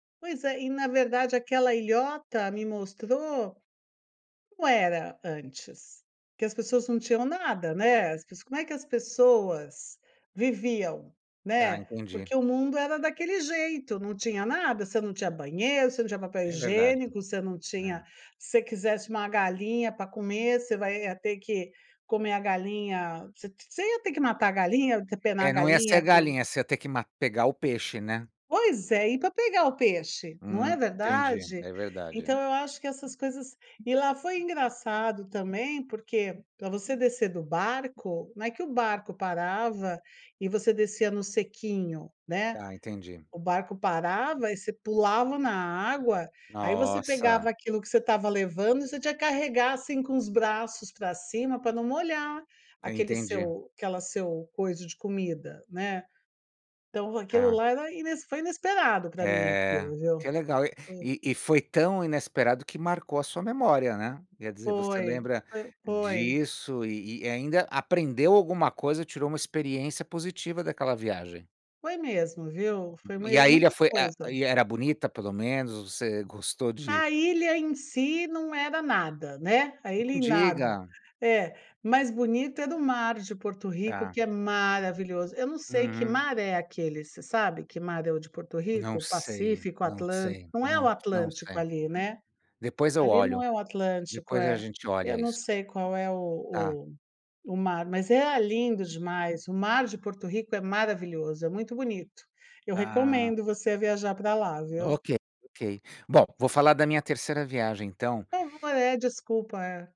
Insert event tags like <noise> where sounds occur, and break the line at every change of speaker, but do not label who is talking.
Pois é, e na verdade aquela ilhota me mostrou como era antes, que as pessoas não tinham nada, né, as pes como é que as pessoas viviam,
Tá,
né,
entendi.
porque o mundo era daquele jeito, não tinha nada, você não tinha banheiro, você não tinha papel
É verdade.
higiênico, você não tinha
É.
se você quisesse uma galinha pra comer, você vai ia ter que comer a galinha, você você ia ter que matar a galinha, depenar a
É, não ia ser a
galinha com
galinha, você ia ter que ma pegar o peixe, né?
Pois é, ir pra pegar o peixe, não é
Hum, entendi,
verdade?
é verdade.
Então eu acho que essas coisas e lá foi engraçado também, porque pra você descer do barco, não é que o barco parava e você descia no sequinho, né,
Tá, entendi.
o barco parava e você pulava na água, aí você pegava
Nossa.
aquilo que você estava levando e você tinha que carregar, assim, com os braços pra cima pra não molhar
Eu
aquele
entendi.
seu aquela seu coiso de comida, né, então aquilo
Tá.
lá era ines foi inesperado pra mim
É,
aquilo, viu?
que legal.
Hum.
E e foi tão inesperado que marcou a sua memória, né, quer dizer, você
Foi,
lembra
fo foi.
disso e e ainda aprendeu alguma coisa, tirou uma experiência positiva daquela viagem.
Foi mesmo, viu? Foi
E
mes
a ilha
muita
foi a
coisa.
e era bonita, pelo menos? Você gostou de
A ilha em si não era nada, né, a ilha
Não
em nada.
diga!
É, mais bonito era o mar de Porto Rico,
Tá.
que é maravilhoso. Eu não sei que
Uhum.
mar é aquele, você sabe que mar é o de Porto
Não
Rico?
sei,
Pacífico,
não
Atlân
sei,
não é o
não não
Atlântico
sei.
ali, né,
Depois eu
ali não
olho.
é o Atlântico,
Depois a
é,
gente
eu
olha
não
isso.
sei qual é o
Tá.
o o mar, mas é lindo demais. O mar de Porto Rico é maravilhoso, é muito bonito. Eu
Tá.
recomendo você a viajar para lá, viu?
Ok, ok. Bom, vou falar da minha 3ª viagem, então.
<unintelligible> É, desculpa, é.